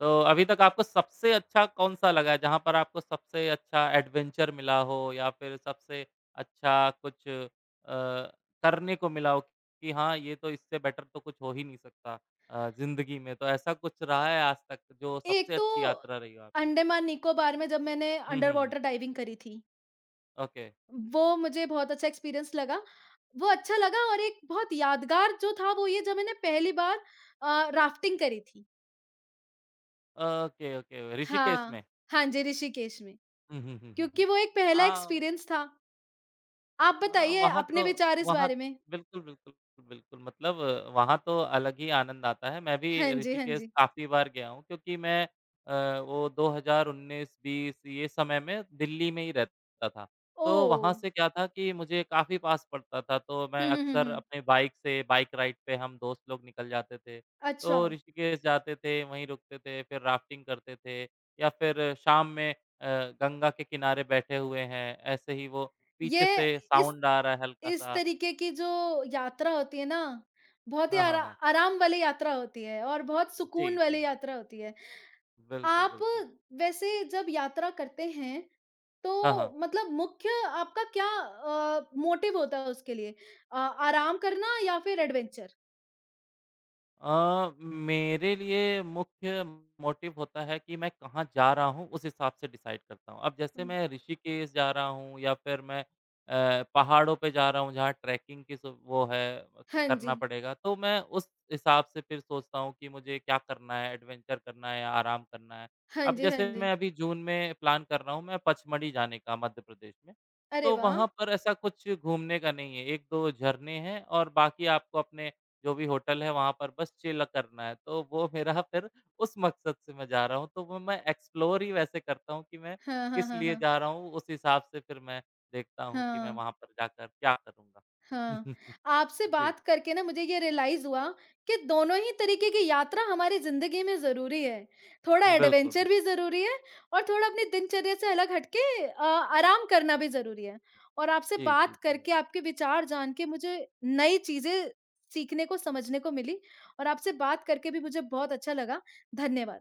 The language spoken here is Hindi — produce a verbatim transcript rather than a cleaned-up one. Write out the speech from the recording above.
तो अभी तक आपको सबसे अच्छा कौन-सा लगा है जहाँ पर आपको सबसे अच्छा एडवेंचर मिला हो या फिर सबसे अच्छा कुछ अ, करने को मिला हो कि हाँ, ये तो इससे बेटर तो कुछ हो ही नहीं सकता अ, जिंदगी में, तो ऐसा कुछ रहा है आजतक जो एक सबसे तो अच्छी यात्रा रही हो आपकी? अंडमान निकोबार में जब मैंने हुँ, हुँ, हुँ। अंडरवॉटर डाइविंग करी थी। ओके। वो मुझे बहुत अच्छा एक्सपीरियंस लगा, वो अच्छा लगा और एक बहुत यादगार जो था वो ये जब मैंने पहली बार अ, राफ्टिंग करी थी। ओके, ओके ऋषिकेश हाँ, में? हाँ जी, ऋषिकेश में। हुँ, हुँ, हुँ, हुँ, क्योंकि हुँ। वो एक पहला हाँ। एक्सपीरियंस था। आप अ, बताइए, वहाँ तो अपने विचार इस वहाँ बारे तो में? बिल्कुल, बिल्कुल, बिल्कुल मतलब वहाँ तो अलग ही आनंद आता है, मैं भी हाँ जी, हाँ ऋषिकेश जी। काफ़ी बार गया हूँ क्योंकि मैं अ, वो दो हज़ार उन्नीस बीस ये समय में दिल्ली में ही रहता था। तो वहाँ ओह! से क्या था कि मुझे काफ़ी पास पड़ता था तो हुँ, मैं हुँ, हुँ, अक्सर हुँ। अपने बाइक से बाइक राइड पे हम दोस्त लोग निकल जाते थे, तो अच्छा। ऋषिकेश जाते थे, वहीं रुकते थे, फिर राफ्टिंग करते थे या फिर शाम में अ, गंगा के किनारे बैठे हुए हैं, ऐसे ही वो पीछे ये से इस, साउंड आ रहा है इस हल्का-सा। तरीके की जो यात्रा होती है ना, बहुत ही हाँ, हाँ, आरा हाँ। आराम वाली यात्रा होती है और बहुत जी, सुकून वाली जी। यात्रा होती है। बिल्कुल, आप बिल्कुल। वैसे जब यात्रा करते हैं, हाँ, तो हाँ। मतलब मुख्य आपका क्या अ, मोटिव होता है उसके लिए? अ, आराम करना या फिर एडवेंचर? अ, मेरे लिए मुख्य मोटिव होता है कि मैं कहाँ जा रहा हूँ, उस हिसाब से डिसाइड करता हूँ, अब जैसे हुँ। मैं ऋषिकेश जा रहा हूँ या फिर मैं अ, पहाड़ों पे जा रहा हूँ जहाँ ट्रेकिंग की सु वो है हाँ करना जी। पड़ेगा, तो मैं उस हिसाब से फिर सोचता हूँ कि मुझे क्या करना हैं एडवेंचर करना है या आराम करना है। हाँ अब जी, हाँ जैसे मैं जी। अभी जून में प्लान कर रहा हूँ मैं, पंचमढ़ी जाने का मध्य प्रदेश में अरे, तो वाह! वहाँ पर ऐसा कुछ घूमने का नहीं है एक दो झरने हैं और बाकी आपको अपने जो भी होटल हैं वहाँ पर बस चिल करना है, तो वो मेरा फिर उस मकसद से मैं जा रहा हूँ तो वो मैं एक्सप्लोर ही वैसे करता हूँ कि मैं हाँ, हाँ, किस हाँ, लिए हाँ। जा रहा हूँ, उस हिसाब से फिर मैं देखता हूँ कि मैं हाँ। वहाँ पर जाकर क्या करूँगा। हाँ, आपसे जी। बात करके ना मुझे ये रियलाइज़ हुआ कि दोनों ही तरीके की यात्रा हमारी जिंदगी में ज़रूरी है। थोड़ा बिल्कुल, बिल्कुल। एडवेंचर भी ज़रूरी है और थोड़ा अपनी दिनचर्या से अलग हट के अ, आराम करना भी ज़रूरी है। और आपसे जी, जी, बात जी। करके, आपके विचार जान के मुझे नई चीजें सीखने को, समझने को मिलीं और आपसे बात करके भी मुझे बहुत अच्छा लगा धन्यवाद।